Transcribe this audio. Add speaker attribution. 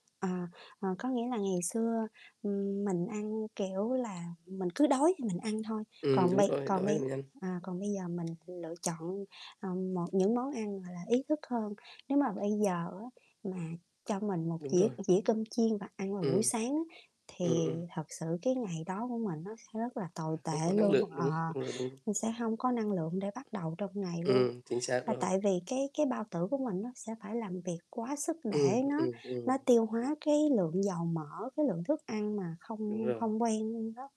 Speaker 1: À, ờ, có nghĩa là ngày xưa, ừm, mình ăn, kiểu là, mình cứ đói thì mình ăn thôi,
Speaker 2: Ừm,
Speaker 1: còn
Speaker 2: đúng
Speaker 1: bây
Speaker 2: rồi,
Speaker 1: còn
Speaker 2: đói thì
Speaker 1: bây
Speaker 2: mình ăn.
Speaker 1: à, còn bây giờ mình lựa chọn, ờ, một những món ăn, gọi là, ý thức hơn. Nếu mà bây giờ á, mà cho mình một
Speaker 2: Đúng
Speaker 1: dĩa
Speaker 2: rồi.
Speaker 1: dĩa cơm chiên và ăn vào buổi
Speaker 2: Ừm.
Speaker 1: sáng á, thì
Speaker 2: Ừm, ừm.
Speaker 1: thật sự cái ngày đó của mình nó sẽ rất là tồi
Speaker 2: À, không
Speaker 1: tệ
Speaker 2: có năng
Speaker 1: luôn.
Speaker 2: lượng,
Speaker 1: Ờ,
Speaker 2: đúng, ừm, rồi, ừm.
Speaker 1: mình sẽ hông có năng lượng để bắt đầu trong ngày luôn,
Speaker 2: Ừm, chính xác
Speaker 1: và
Speaker 2: rồi.
Speaker 1: tại vì cái cái bao tử của mình nó sẽ phải làm việc quá sức
Speaker 2: Ừm,
Speaker 1: để nó
Speaker 2: ừm,
Speaker 1: nó
Speaker 2: ừm.
Speaker 1: tiêu hóa cái lượng dầu mỡ, cái lượng thức ăn mà
Speaker 2: Đúng
Speaker 1: không
Speaker 2: rồi.
Speaker 1: không quen đó.